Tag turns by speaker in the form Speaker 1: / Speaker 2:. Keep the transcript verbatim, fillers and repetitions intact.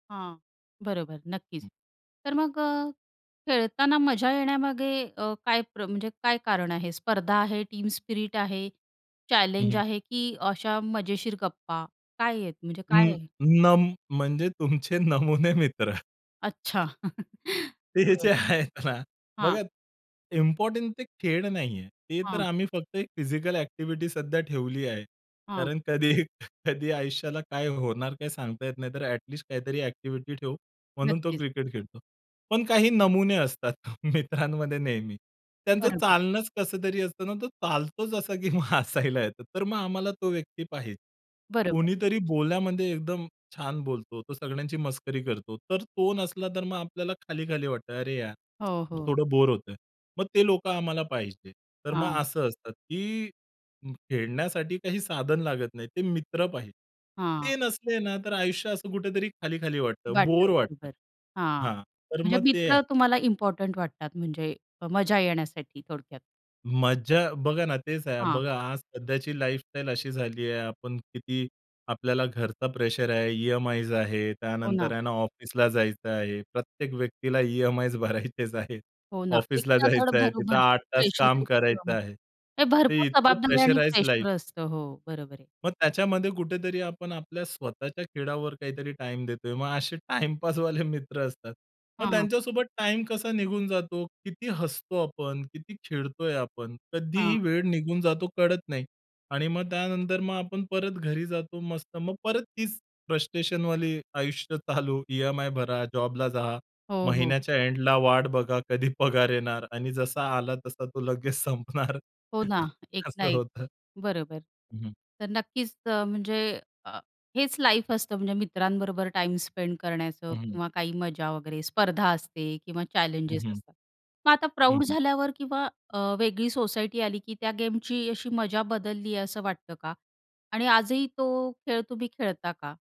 Speaker 1: हां. बरोबर, नक्कीच.
Speaker 2: हं.
Speaker 1: तर मग अ, खेळताना मजा येण्यामागे अ, काय प्र म्हणजे काय कारण आहे स्पर्धा आहे, टीम स्पिरिट आहे,
Speaker 2: हं,
Speaker 1: चॅलेंज
Speaker 2: हं.
Speaker 1: आहे, की अशा मजेशीर गप्पा काय आहेत, म्हणजे काय
Speaker 2: अं,
Speaker 1: आहे?
Speaker 2: नम
Speaker 1: कशामुळे?
Speaker 2: म्हणजे तुमचे नमुने मित्र.
Speaker 1: अच्छा.
Speaker 2: ते ह्याचे
Speaker 1: बरं.
Speaker 2: आहेत ना बघा
Speaker 1: हां.
Speaker 2: इम्पोर्टंट ते खेळ नाहीये. ते तर
Speaker 1: हां.
Speaker 2: आम्ही फक्त एक फिजिकल ॲक्टिव्हिटी सध्या ठेवली आहे
Speaker 1: हां.
Speaker 2: कारण कधी कधी आयुष्याला काय होणार काय सांगता येत नाही. तर ॲट लिस्ट काहीतरी ॲक्टिव्हिटी ठेवु म्हणून तो
Speaker 1: नक्कीच.
Speaker 2: क्रिकेट खेळतो. पण काही नमुने असतात मित्रांमध्ये नेहमी. त्यांचं
Speaker 1: बरोबर.
Speaker 2: चालणंच कसं तरी असतं ना, तो चालतोच असा, की मग हसायला येतो, तर मग आम्हाला तो व्यक्ती पाहिजे.
Speaker 1: बरोबर.
Speaker 2: कोणीतरी बोल्यामध्ये एकदम छान बोलतो. तो सगळ्यांची मस्करी करतो. तर तो नसला तर मग आपल्याला खाली-खाली वाटतं. "अरे यार,
Speaker 1: हो, हो.
Speaker 2: थोडं बोर होतंय." मग ते लोकं आम्हाला पाहिजे. तर मग
Speaker 1: हां.
Speaker 2: असतं, की खेळण्यासाठी काही साधन लागत नाही. ते मित्र पाहिजे,
Speaker 1: हां.
Speaker 2: ते नसले ना, तर आयुष्य असं कुठेतरी खाली-खाली वाटतं.
Speaker 1: वाटतं,
Speaker 2: बोर वाटतं
Speaker 1: बरोबर. हां.
Speaker 2: हां, तर
Speaker 1: म्हणजे
Speaker 2: मग ते आहे.
Speaker 1: मित्र तुम्हाला इम्पोर्टंट वाटतात म्हणजे मजा येण्यासाठी थोडक्यात.
Speaker 2: मज्जा. बघा ना, तेच आहे
Speaker 1: हां.
Speaker 2: बघा आज सध्याची लाईफस्टाईल अशी झालीये आपण किती आपल्याला घरचा प्रेशर आहे, ई-एम-आयज आहे.
Speaker 1: हो
Speaker 2: त्यानंतर
Speaker 1: ना.
Speaker 2: आहे ना ऑफिसला जायचं आहे. प्रत्येक व्यक्तीला ई-एम-आयज भरायचेच आहेत.
Speaker 1: हो ना, एक
Speaker 2: ऑफिसला
Speaker 1: ना धड
Speaker 2: जायचं आहे.
Speaker 1: भरो
Speaker 2: तिथे आठ
Speaker 1: भरपूर
Speaker 2: तास काम
Speaker 1: प्रेशर
Speaker 2: करायचं
Speaker 1: [unintelligible]
Speaker 2: आहे. ते
Speaker 1: भरपूर
Speaker 2: इतकं
Speaker 1: जबाबदारी आणि
Speaker 2: प्रेशराईज्ड लाईफ.
Speaker 1: प्रेशर असतं. हो, बरोबर आहे.
Speaker 2: मग त्याच्यामध्ये कुठेतरी आपण आपल्या स्वतःच्या खेळावर काहीतरी टाईम देतोय. मग असे टाईमपासवाले मित्र असतात. मग
Speaker 1: हां.
Speaker 2: त्यांच्यासोबत टाईम कसा निघून जातो, किती हसतो आपण, किती खेळतोय आपण. कधी ही
Speaker 1: हां.
Speaker 2: वेळ निघून जातो कळत नाही. आणि मग त्यानंतर मग आपण परत घरी जातो मस्त. मग परत तीच फ्रस्ट्रेशनवाली आयुष्य चालू ई-एम-आय भरा, जॉबला जा.
Speaker 1: हो, हो.
Speaker 2: महिन्याच्या एंडला वाट बघा कधी पगार येणार आणि जसा आला तसा तो लगेच संपणार
Speaker 1: हो ना, एक ना
Speaker 2: असं
Speaker 1: एक.
Speaker 2: होतं.
Speaker 1: बरोबर.
Speaker 2: हं, हं.
Speaker 1: तर नक्कीच अ, म्हणजे अ, हेच लाईफ असतं म्हणजे मित्रांबरोबर टाईम स्पेंड करण्याचं
Speaker 2: हं, हं.
Speaker 1: किंवा काही मजा वगैरे स्पर्धा असते किंवा
Speaker 2: हं,
Speaker 1: चॅलेंजेस
Speaker 2: हं.
Speaker 1: असतात. मग आता
Speaker 2: हं,
Speaker 1: प्रौढ
Speaker 2: हं.
Speaker 1: झाल्यावर किंवा अ, वेगळी सोसायटी आली, की त्या गेमची अशी मजा बदलली आहे असं वाटतं का आणि आजही तो खेळ तुम्ही खेळता का?